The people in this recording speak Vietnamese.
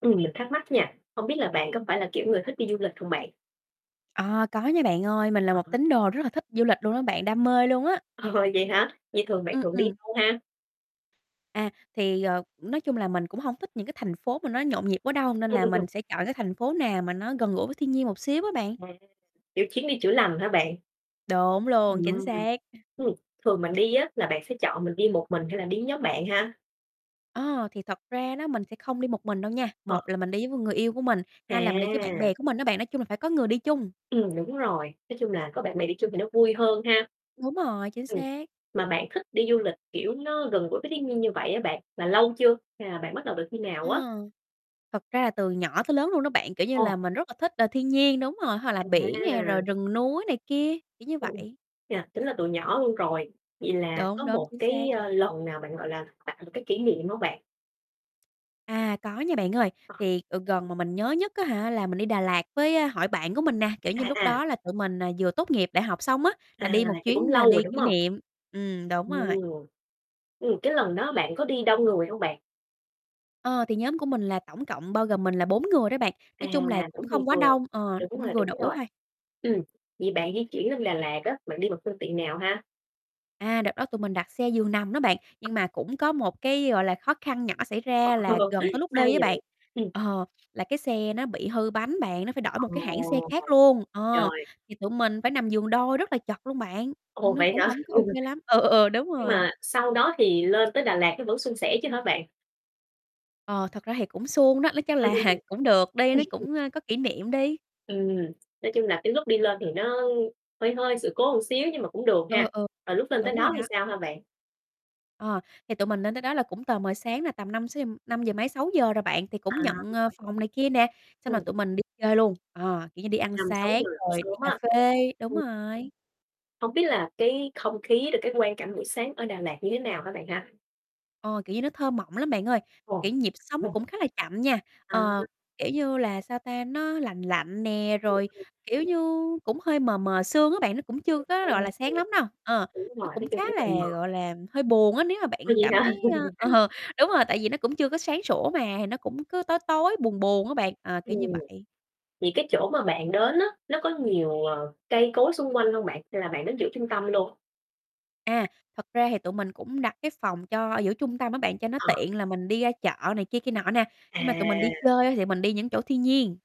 Ừm, mình thắc mắc nha, hông biết là bạn có phải là kiểu người thích đi du lịch hông bạn? À, có nha bạn ơi. Mình là một [unintelligible] tín đồ rất là thích du lịch luôn á bạn, đam mê luôn á. Ờ, vậy hả? Vậy thường bạn Ừm, thường đi ừm. đâu ha? À, thì, ờ, nói chung là mình cũng hông thích những cái thành phố mà nó nhộn nhịp quá đâu, nên Ừm, là ừm, mình ừm. sẽ chọn cái thành phố nào mà nó gần gũi với thiên nhiên một xíu á bạn. À, kiểu chuyến đi chữa lành hả bạn? Đúng luôn, chính Ừm, xác. ừm. Thường mà đi á là bạn sẽ chọn mình đi một mình hay là đi nhóm bạn ha? Ờ, thì thật ra đó, mình sẽ không đi một mình đâu nha. Ờ. Một là mình đi với người yêu của mình, hai là mình đi với bạn À! bè của mình á bạn. Nói chung là phải có người đi chung. Ừm, đúng rồi. Nói chung là có bạn bè đi chung thì nó vui hơn ha. Đúng rồi, chính Ừm, xác. mà bạn thích đi du lịch kiểu nó gần gũi với thiên nhiên như vậy á bạn, mà lâu chưa hay là bạn bắt đầu từ khi nào Ờ. á? Thật ra là từ nhỏ tới lớn luôn đó bạn, kiểu như là, Ồ. mình rất là thích, ờ, thiên nhiên, đúng rồi, hoặc là biển nè, rồi À. rừng núi này kia, kiểu như Ừm, ừm, vậy. chà, tính là từ nhỏ luôn rồi. Vậy là Đúng, có đúng, một chính xác. cái, ơ, lần nào bạn, gọi là, tạo một cái kỷ niệm hông bạn? À, có nha bạn ơi. Ờ. Thì, ờ, gần mà mình nhớ nhất, á hả, là mình đi Đà Lạt với, a, hội bạn của mình nè, kiểu À, như, lúc à. đó là tụi mình nà vừa tốt nghiệp đại học xong á, là À, đi một vậy cũng chuyến nà lâu rồi, đi đúng kỷ hông? niệm. Ừm, đúng rồi. Ồ. Ừm, cái lần đó bạn có đi đông người hông bạn? Ờ, thì nhóm của mình là tổng cộng bao gồm mình là 4 người đó bạn. À, Nói chung là cũng cũng vừa không quá vừa. đông, ờ, Đúng cũng rồi, vừa đúng đủ rồi. thôi. Ừm, vậy bạn di chuyển lên Đà Lạt á, bạn đi bằng phương tiện nào ha? À, đợt đó tụi mình đặt xe giường nằm đó bạn. Nhưng [unintelligible] mà cũng có một cái, gọi là, khó khăn nhỏ xảy ra là Sao gần tới lúc đi á vậy bạn? bạn, Ừm. ờ, là cái xe nó bị hư bánh bạn, nó phải đổi một Ờ, cái hãng xe khác luôn. Ờ, trời. thì tụi mình phải nằm giường đôi rất là chật luôn bạn, Ồ, ừm, nó vậy cũng hả? hổng có OK lắm. Ừ, ừ, ừ, đúng Nhưng rồi. mà sau đó thì lên tới Đà Lạt nó vẫn suôn sẻ chứ hả bạn? Ờ, thật ra thì cũng suôn đó, nó chắc Ừm, là ừm, ừm. cũng được đi, nó Ừm. cũng, ơ, có kỷ niệm đi. Ừm, nói chung là cái lúc đi lên thì nó hơi hơi sự cố xíu nhưng mà cũng được ha. Ừ, ừ, Rồi lúc lên tới đúng rồi đó thì đó. sao ha bạn? Ờ, thì tụi mình lên tới đó là cũng tờ mờ sáng nè, tầm 5-6 gi năm giờ mấy, 6 giờ rồi bạn. Thì cũng À. nhận, ờ, phòng này kia nè. Xong rồi Ừm. tụi mình đi chơi luôn. Ờ, kiểu như đi ăn năm sáu sáng giờ [unintelligible] rồi đi sớm á. cafe, đúng Ừm. rồi. Hông biết là cái không khí, rồi cái quang cảnh buổi sáng ở Đà Lạt như thế nào hả bạn ha? Ờ, kiểu như, nó thơ mộng lắm bạn ơi, kiểu Ồ. như, nhịp sống nó cũng khá là chậm nha. À. Ờ, kiểu như là, sao ta, nó lành lạnh nè, Ừm, rồi ừm. kiểu như, cũng hơi mờ mờ sương á bạn, nó cũng chưa có, gọi là, sáng lắm đâu. [unintelligible] Ờ, Đúng rồi, nó nói cũng khá chung rất là mờ. là, gọi là, hơi buồn á nếu mà Ồ, bạn vậy cảm hả? thấy ơ, ờ, đúng rồi, tại vì nó cũng chưa có sáng sủa mà, thì nó cũng cứ tối tối, buồn buồn á bạn. Ờ, Ừm, kiểu như vậy. thì cái chỗ mà bạn đến á, nó có nhiều, ờ, cây cối xung quanh hông bạn, hay là bạn đến giữa trung tâm luôn? À, thật ra thì tụi mình cũng đặt cái phòng cho giữa trung tâm á bạn, cho nó Ờ. tiện là mình đi ra chợ này kia kia nọ nè. Nhưng mà tụi mình đi À. chơi thì mình đi những chỗ thiên nhiên.